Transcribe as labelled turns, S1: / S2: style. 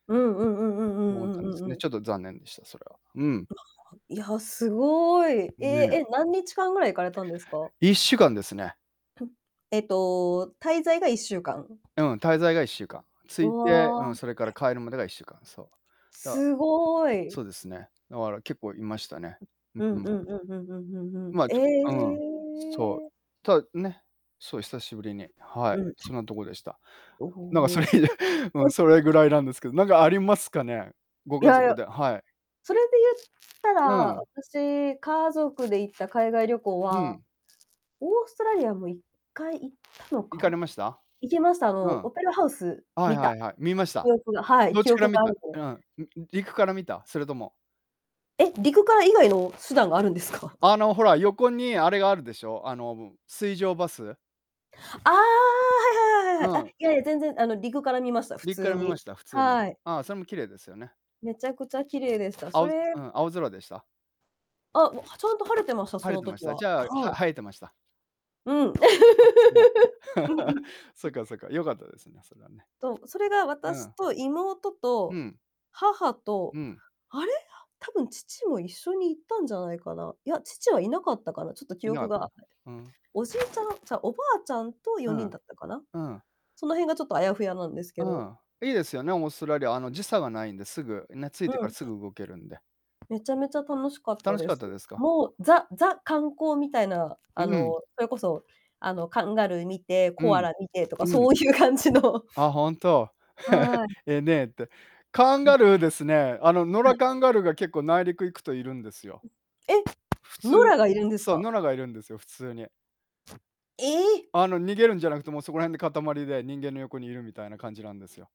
S1: うんうんうんうんう
S2: 思っ
S1: ん
S2: たん
S1: う
S2: で
S1: ん
S2: す
S1: うん
S2: ね。
S1: うん。
S2: ちょっと残念でした、それは。うん。
S1: いや、すごい。
S2: ん、
S1: え
S2: ね。
S1: え。え、何日間ぐらい行かれたんですか？
S2: 1週間ですね。
S1: えっと、滞在が1週間？
S2: うん、滞在が1週間。着
S1: う
S2: いて、うん、
S1: わ。
S2: それから帰るまでが1週間。そう。だ
S1: すごい。
S2: そうですね。だから、結構いましたね。
S1: ん、
S2: う
S1: う
S2: ん
S1: んう
S2: う
S1: ん
S2: ん。
S1: うんうんうんうんうん。
S2: まあ、
S1: え
S2: ちょうん、そう、
S1: え。
S2: たね。そう、久しぶりに。はい、
S1: うん。
S2: そんなとこでした。
S1: お
S2: なんか、そ
S1: お。
S2: れ以来、うん。
S1: お
S2: それぐらいなんですけど、なんかありますかね、ご
S1: い
S2: 家
S1: やい
S2: 族
S1: や。
S2: ではい。
S1: それで言った
S2: う
S1: ら、
S2: ん。
S1: 私、家族で行った海外旅行
S2: う
S1: は、
S2: ん。
S1: オーストラリアも1回行ったの
S2: 行かれ
S1: か、
S2: ました？
S1: 行きました。あ
S2: う
S1: の、
S2: ん。
S1: オペラハウス、
S2: はい
S1: 見
S2: は
S1: た
S2: いはい。見ました？
S1: 記憶がはい、
S2: どっ
S1: 記
S2: ちから
S1: 憶
S2: 見
S1: がある
S2: た？
S1: で
S2: うん。んん陸から見た？それとも
S1: え、陸から以外の手段があるんですか？
S2: あの、ほら、横にあれがあるでしょ、あの、うん。水上バス。
S1: ああ、はいはい
S2: う
S1: はいはいはい。あ、
S2: ん。
S1: いやいや、全然、あの、陸から見ました、普
S2: 陸か
S1: 通
S2: ら見ま
S1: に。
S2: した、普通に？
S1: はい。
S2: ああ、それも綺麗ですよね。
S1: めちゃくちゃ綺麗でした。
S2: あ
S1: そ
S2: うず
S1: れ
S2: うん、青空でした？
S1: あ、も、はちゃんと晴れてました、
S2: 晴
S1: そ
S2: れ
S1: の
S2: てまし
S1: 時
S2: た。
S1: は。
S2: じゃあ、
S1: はい。
S2: は映えてました？
S1: うん。うん
S2: あ、そうなんだ。
S1: うん。
S2: そっ
S1: ん
S2: かそっか、良かったですね、それはね。
S1: と、それが
S2: う
S1: 私
S2: ん。
S1: と妹
S2: う
S1: と
S2: ん。
S1: 母と、
S2: うん。
S1: あれ、多分、父も一緒に行ったんじゃないかな。いや、父はいなかったかな。ちょっと記
S2: いなか
S1: 憶
S2: った。
S1: が。
S2: ふーん。
S1: おじいちゃん、ちゃう、おばあちゃんと
S2: う
S1: 4人
S2: ん。
S1: だったかな。
S2: うん。
S1: その辺がちょっとあやふやなんですけ
S2: う
S1: ど。
S2: ん、いいですよね、オーストラリア。あの、時差がないんですぐ、ね。着い
S1: う
S2: てから
S1: ん。
S2: すぐ動けるんで。
S1: めちゃめちゃ楽しかった
S2: 楽し
S1: で
S2: かっ
S1: す。
S2: たですか？
S1: もう、ザザ、観光みたいな、
S2: うー
S1: あ
S2: ん。
S1: の、それこそ、あの、カンガルー見て、
S2: う
S1: コア
S2: ん。
S1: ラ見てとか
S2: う
S1: そ
S2: ん。
S1: ういう感じの
S2: あ、ほんと。
S1: はい。
S2: え、ねえって。カン
S1: ん。
S2: ガルーですね、あの、野
S1: は
S2: 良
S1: い。
S2: カンガルーが結構、内陸行くといるんですよ。
S1: え、
S2: 普
S1: 野
S2: 通
S1: 良がいるんです
S2: そう、
S1: か？
S2: 野良がいるんですよ、普通に。
S1: ええ。
S2: あの、逃げるんじゃなくて、もうそこら辺で塊で、人間の横にいるみたいな感じなんですよ。